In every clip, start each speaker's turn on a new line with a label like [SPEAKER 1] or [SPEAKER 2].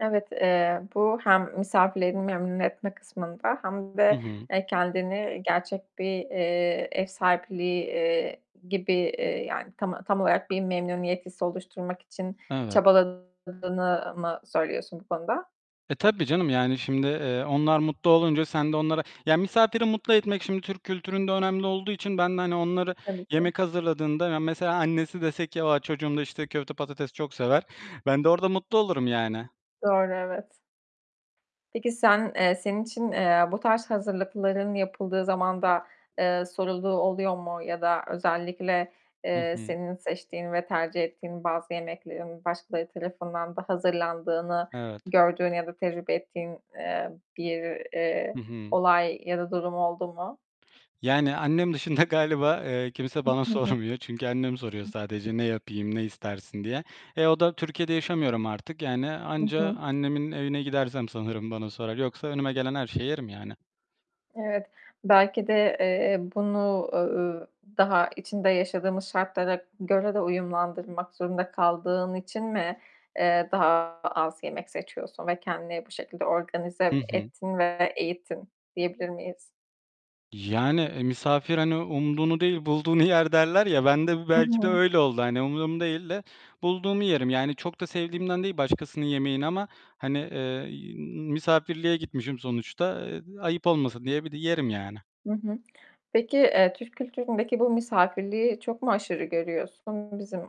[SPEAKER 1] Evet, eee, bu hem misafirlerini memnun etme kısmında, hem
[SPEAKER 2] Hı
[SPEAKER 1] de,
[SPEAKER 2] hı.
[SPEAKER 1] eee, kendini gerçek bir, eee, ev sahipliği, eee, gibi, eee, yani, tam a tam olarak bir memnuniyet hissi oluşturmak için
[SPEAKER 2] Evet.
[SPEAKER 1] çabaladığını mı söylüyorsun bu konuda?
[SPEAKER 2] E, tabii canım yani, şimdi, eee, onlar mutlu olunca sen de onlara ya, misafiri mutlu etmek şimdi Türk kültüründe önemli olduğu için ben de, hani, onları
[SPEAKER 1] Tabii ki.
[SPEAKER 2] yemek hazırladığında ya, mesela annesi dese ki, "A, çocuğum da, işte, köfte patates çok sever." Ben de orada mutlu olurum yani.
[SPEAKER 1] Doğru, evet. Peki sen, eee, senin için, eee, bu tarz hazırlıkların yapıldığı zamanda, eee, sorulduğu oluyor mu? Ya da özellikle,
[SPEAKER 2] Hı
[SPEAKER 1] eee,
[SPEAKER 2] hı.
[SPEAKER 1] senin seçtiğin ve tercih ettiğin bazı yemeklerin başkaları tarafından da hazırlandığını
[SPEAKER 2] Evet.
[SPEAKER 1] gördüğün ya da tecrübe ettiğin, eee, bir,
[SPEAKER 2] Hı
[SPEAKER 1] eee,
[SPEAKER 2] hı.
[SPEAKER 1] olay ya da durum oldu mu?
[SPEAKER 2] Yani, annem dışında galiba, eee, kimse bana
[SPEAKER 1] I hı.
[SPEAKER 2] sormuyor. Çünkü annem soruyor sadece, "Ne yapayım, ne istersin?" diye. E, o da Türkiye'de yaşamıyorum artık yani
[SPEAKER 1] Hı
[SPEAKER 2] anca
[SPEAKER 1] hı.
[SPEAKER 2] annemin evine gidersem sanırım bana sorar, yoksa önüme gelen her şeyi yerim yani.
[SPEAKER 1] Evet. Belki de, eee, bunu, uuu, daha içinde yaşadığımız şartlara göre de uyumlandırmak zorunda kaldığın için mi, eee, daha az yemek seçiyorsun ve kendini bu şekilde
[SPEAKER 2] Hı
[SPEAKER 1] organize
[SPEAKER 2] hı.
[SPEAKER 1] ettin ve eğittin, diyebilir miyiz?
[SPEAKER 2] Yani, eee, "Misafir, hani, umduğunu değil, bulduğunu yer." derler ya, bende bu
[SPEAKER 1] Hı
[SPEAKER 2] belki de
[SPEAKER 1] hı.
[SPEAKER 2] öyle oldu. Hani, umduğumu değil de bulduğumu yerim. Yani çok da sevdiğimden değil başkasının yemeğini ama, hani, eee, y iii, misafirliğe gitmişim sonuçta, eee, ayıp olmasın diye bir d yerim yani.
[SPEAKER 1] Hı hı. Peki, eee, Türk kültüründeki bu misafirliği çok mu aşırı görüyorsun? Bizim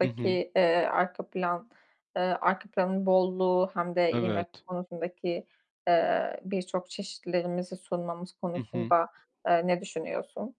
[SPEAKER 2] Hı hı.
[SPEAKER 1] eee, arka plan, eee, arka planın bolluğu hem de yemek
[SPEAKER 2] Evet.
[SPEAKER 1] konusundaki, eee, birçok çeşitlerimizi sunmamız
[SPEAKER 2] Hı hı.
[SPEAKER 1] konusunda, eee, ne düşünüyorsun?